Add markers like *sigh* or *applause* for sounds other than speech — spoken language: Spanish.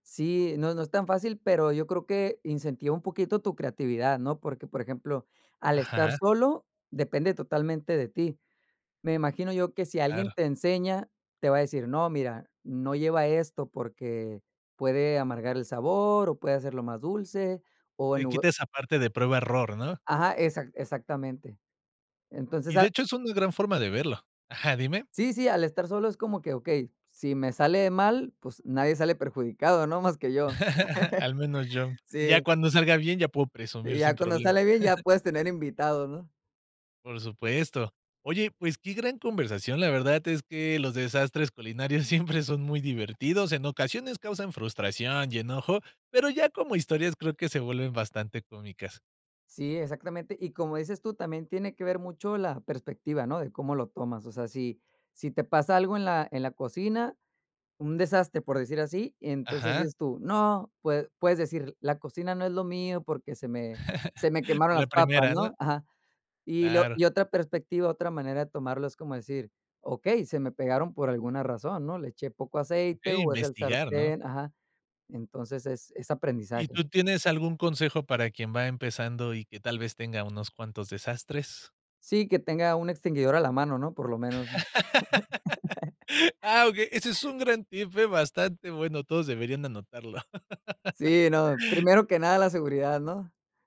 Sí, no, no es tan fácil, pero yo creo, que incentiva un poquito tu creatividad, ¿no? Porque, por ejemplo, al estar Ajá. solo, depende totalmente de ti. Me imagino yo, que si alguien Claro. te enseña, te va a decir: "No, mira, no lleva esto porque, puede amargar el sabor, o puede hacerlo más dulce, o en Le lugar" quita esa parte de prueba error, ¿no? Ajá. Exac exactamente. Entonces, Y de al hecho, es una gran forma de verlo. Ajá, dime. Sí, sí, al estar solo, es como que: "Okey, si me sale mal, pues nadie sale perjudicado, ¿no? Más que yo". *laughs* Al menos yo. *chuckles* Ya Sí. cuando salga bien, ya puedo Y presumir sin ya cuando problema. sale bien, ya *chuckles* puedes tener invitados, ¿no? Por supuesto. Oye, pues, qué gran conversación, la verdad, es que los desastres culinarios siempre son muy divertidos. En ocasiones causan frustración, y enojo, pero ya como historias, creo que se vuelven bastante cómicas. Sí, exactamente, y como dices tú, también tiene que ver mucho la perspectiva, ¿no? De cómo lo tomas, o sea, si si te pasa algo en la en la cocina, un desastre, por decir así, entonces Ajá. dices tú: "No", pue puedes decir: "La cocina no es lo mío, porque se me se me *laughs* quemaron Por la las papas, primera, ¿no? ¿no?". Ajá. Y lo Claro. y otra perspectiva, otra manera de tomarlo, es como decir: "Okey, se me pegaron por alguna razón, ¿no? Le eché poco aceite, Okey, o, es el investigar, ¿no? sartén", ajá, entonces, es es ¿Y tú aprendizaje. tienes algún consejo para quien va empezando, y que tal vez tenga unos cuantos desastres? Sí, que tenga un extinguidor a la mano, ¿no? Por lo menos. *laughs* Ah, okey, ese es *laughs* un gran tip, ¿eh? Bastante bueno, todos deberían anotarlo. Sí, no, *laughs* primero que nada, la seguridad, ¿no?